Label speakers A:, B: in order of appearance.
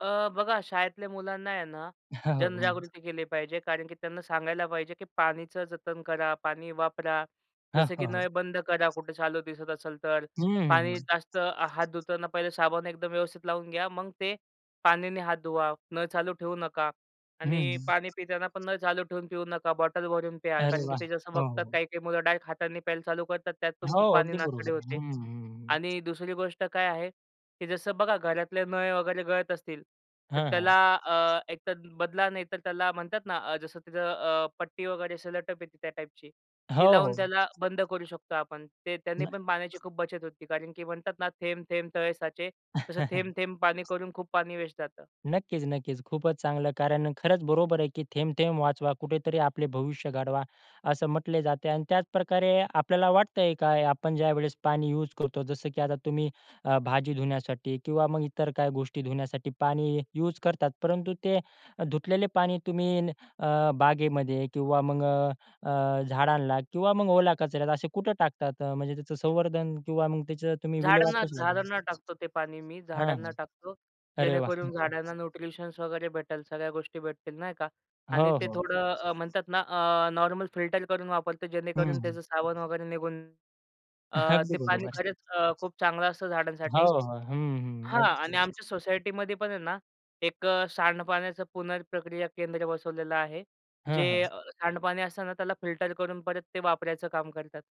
A: अ, बघा, शाळेतल्या मुलांना आहे ना, जनजागृती केली पाहिजे. कारण की त्यांना सांगायला पाहिजे, की पाणीचं जतन करा, पाणी वापरा.
B: हां,
A: जसं की
B: हां. हो.
A: नळ बंद करा. कुठे चालू दिसत असेल तर.
B: हं, हं,
A: पाणी
B: हं.
A: जास्त हात धुताना पाहिलं साबण एकदम व्यवस्थित लावून घ्या. मग ते पाण्याने हात धुवा. नळ चालू ठेवू नका
B: हं.
A: आणि पाणी पिताना पण नळ चालू ठेवून पिऊ नका. बॉटल भरून प्या.
B: अरे
A: कारण की
B: वाह!
A: ते जसं
B: हो, हो,
A: बघतात,
B: हो.
A: काही-काही मुलं डायरेक्ट हाताने प्यायला चालू करतात, त्यात पण
B: हो,
A: खूप पाणी
B: अगदी
A: नासाडी
B: बरोबर आहे.
A: होते
B: हं, हं, हं.
A: आणि दुसरी गोष्ट काय आहे, की जसं बघा घरातले नळ वगैरे गळत असतील तर
B: हां, हां.
A: त्याला अ, एकतर बदला नाही तर त्याला म्हणतात ना, अ, जसं तिथे अ, पट्टी वगैरे असं सेलो टेप येते त्या टाइपची. ती
B: हो, हो.
A: लावून त्याला बंद करू शकतो आपण. ते त्याने पण
B: नाही.
A: पाण्याची खूप बचत होते. कारण की म्हणतात ना थेंब, थेंब तळे साचे. तसं थेंब, थेंब पाणी करून खूप पाणी वेस्ट जातं.
B: नक्कीच, नक्कीच. खूपच चांगलं कारण खरंच बरोबर आहे, की थेंब, थेंब वाचवा. कुठेतरी आपले भविष्य घडवा. असं म्हटले जाते अन् त्याचप्रकारे आपल्याला वाटतंय काय आपण ज्यावेळेस पाणी युज करतो जसं की आता तुम्ही अ, भाजी धुण्यासाठी किंवा मग इतर काही गोष्टी धुण्यासाठी पाणी हे युज करतात, परंतु ते धुतलेले पाणी तुम्ही न अ, बागेमध्ये किंवा मग अ, अ, झाडांना किंवा मग ओला कचऱ्यातला असे कुठे टाकतात? म्हणजे त्याचं संवर्धन किंवा मग त्याचं तुम्ही
A: झाडांना
B: विल्हेवाट कशी लावता?
A: झाडांना टाकतो ते पाणी मी,
B: हां,
A: झाडांना
B: हां.
A: टाकतो.
B: अरे वाह! हं,
A: जेणेकरून
B: हं.
A: झाडांना न्यूट्रिशन्स वगैरे भेटेल. सगळ्या गोष्टी भेटतील, नाही का? आणि
B: हो,
A: ते
B: हो.
A: थोडं अ, म्हणतात ना, अ, नॉर्मल फिल्टर करून वापरतो
B: हं,
A: जेणेकरून
B: हं.
A: त्याचं साबण वगैरे निघून. अ,
B: अगदी
A: ते
B: बरोबर
A: पाणी
B: आहे.
A: खरच अ, खूप चांगलं असतं
B: हो,
A: झाडांसाठी.
B: हो, हं, हं.
A: हां
B: अगदी
A: आणि
B: बरोबर.
A: आमच्या सोसायटीमध्ये पण आहे ना, एक अ, सांडपाण्याचा पुनर्प्रक्रिया केंद्र बसवलेलं आहे.
B: हं,
A: जे
B: हं.
A: अ, सांडपाणी असतं ना त्याला फिल्टर करून परत ते वापरायचं काम करतात.